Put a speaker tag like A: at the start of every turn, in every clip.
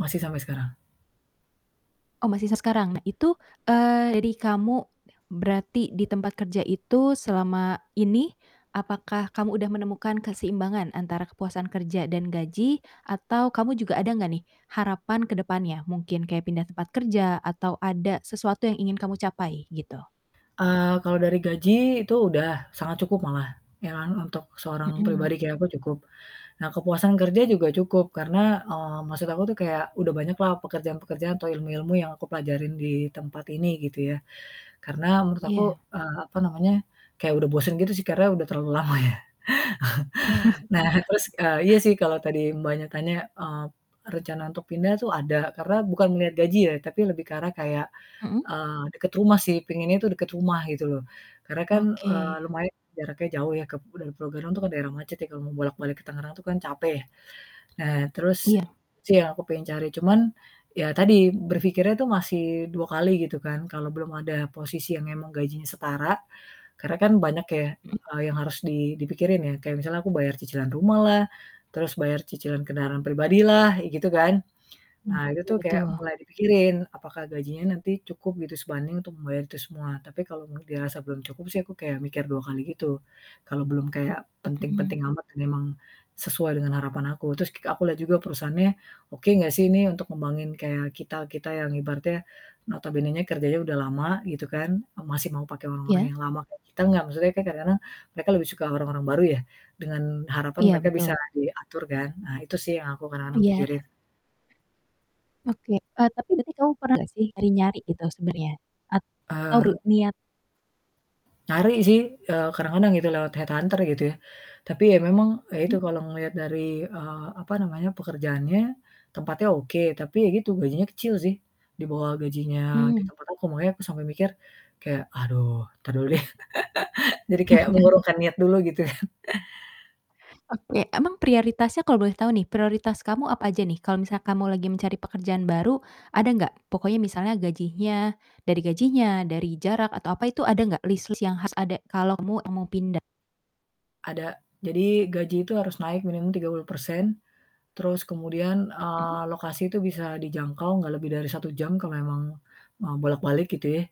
A: Masih sampai sekarang.
B: Oh masih sekarang. Nah itu, eee, dari kamu berarti di tempat kerja itu selama ini, apakah kamu udah menemukan keseimbangan antara kepuasan kerja dan gaji? Atau kamu juga ada nggak nih harapan ke depannya? Mungkin kayak pindah tempat kerja atau ada sesuatu yang ingin kamu capai gitu?
A: Eee, kalau dari gaji itu udah sangat cukup malah, ya kan untuk seorang
B: Mhm.
A: pribadi kayak aku cukup. Nah kepuasan kerja juga cukup, karena, eee, maksud aku tuh kayak udah banyak lah pekerjaan-pekerjaan atau ilmu-ilmu yang aku pelajarin di tempat ini gitu ya. Karena menurut aku,
B: Iya.
A: eee, apa namanya, kayak udah bosen gitu sih, karena udah terlalu lama ya. Nah terus, eee, iya sih kalau tadi Mbaknya tanya, eee, rencana untuk pindah tuh ada karena bukan melihat gaji ya, tapi lebih ke arah kayak,
B: Mhm.
A: eee, deket rumah sih, penginnya tuh deket rumah gitu loh. Karena kan, eee,
B: Oke.
A: lumayan jaraknya jauh ya kep dari Pulogadung itu kan daerah macet ya kalau mau bolak balik ke Tangerang itu kan capek ya. Nah terus
B: Iya.
A: sih yang aku pengen cari, cuman ya tadi berpikirnya tuh masih 2 kali gitu kan kalau belum ada posisi yang memang gajinya setara, karena kan banyak ya,
B: Mhm.
A: eee, yang harus di dipikirin ya, kayak misalnya aku bayar cicilan rumah lah, terus bayar cicilan kendaraan pribadi lah, kek gitu kan.
B: Mmm
A: Nah itu
B: betul
A: tuh kayak
B: betul.
A: mulai dipikirin. Apakah gajinya nanti cukup gitu, sebanding untuk membayar itu semua. Tapi kalau m dirasa belum cukup sih aku kayak mikir 2 kali gitu. Kalau belum kayak
B: Mhm.
A: penting-penting amat dan memang sesuai dengan harapan aku. Terus k aku lihat juga perusahaannya oke gak sih ini untuk ngembangin kayak kita-kita yang ibaratnya notabenenya kerjanya udah lama gitu kan, eee, masih mau pake orang-orang
B: Iya.
A: yang lama kayak kita enggak. Maksudnya kan kadang-kadang mereka lebih suka orang-orang baru ya dengan harapan
B: Iya,
A: mereka bisa
B: betul.
A: diatur kan. Nah itu sih yang aku kadang-kadang
B: Iya.
A: pikirin.
B: Oke, eee, tapi berarti kamu pernah gak sih nyari-nyari gitu sebenernya atau ru
A: Eee
B: niat
A: Nyari sih, eee, kadang-kadang gitu lewat headhunter gitu ya. Tapi ya memang ya itu
B: Hmm.
A: kalau ngelihat dari, eee, apa namanya, pekerjaannya, tempatnya oke, tapi ya gitu, gajinya kecil sih. Di bawah gajinya di
B: Hmm.
A: tempat aku, makanya aku sampai mikir kayak, "Aduh, entar dulu deh." Jadi kayak mengurungkan niat dulu gitu.
B: Oke, emang prioritasnya kalau boleh tahu nih, prioritas kamu apa aja nih kalau misal kamu lagi mencari pekerjaan baru ada nggak? Pokoknya misalnya gajinya dari gajinya, dari jarak atau apa itu ada nggak list-list yang harus ada kalau kamu mau pindah?
A: Ada. Jadi gaji itu harus naik minimum 30% terus kemudian, eee,
B: Mmm.
A: lokasi itu bisa dijangkau, gak lebih dari 1 jam kalau emang, eee, bolak-balik gitu ya.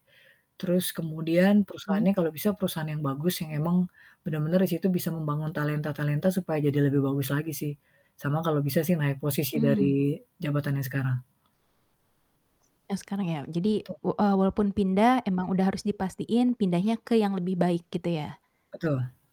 A: Terus kemudian
B: Hmm.
A: perusahaannya kalau bisa perusahaan yang bagus yang emang bener-bener di situ bisa membangun talenta-talenta supaya jadi lebih bagus lagi sih. Sama kalau bisa sih naik posisi
B: Mmm.
A: dari jabatan yang sekarang.
B: Yang sekarang ya jadi
A: Tu.
B: we eee, walaupun pindah emang udah harus dipastiin pindahnya ke yang lebih baik gitu ya.
A: Betul.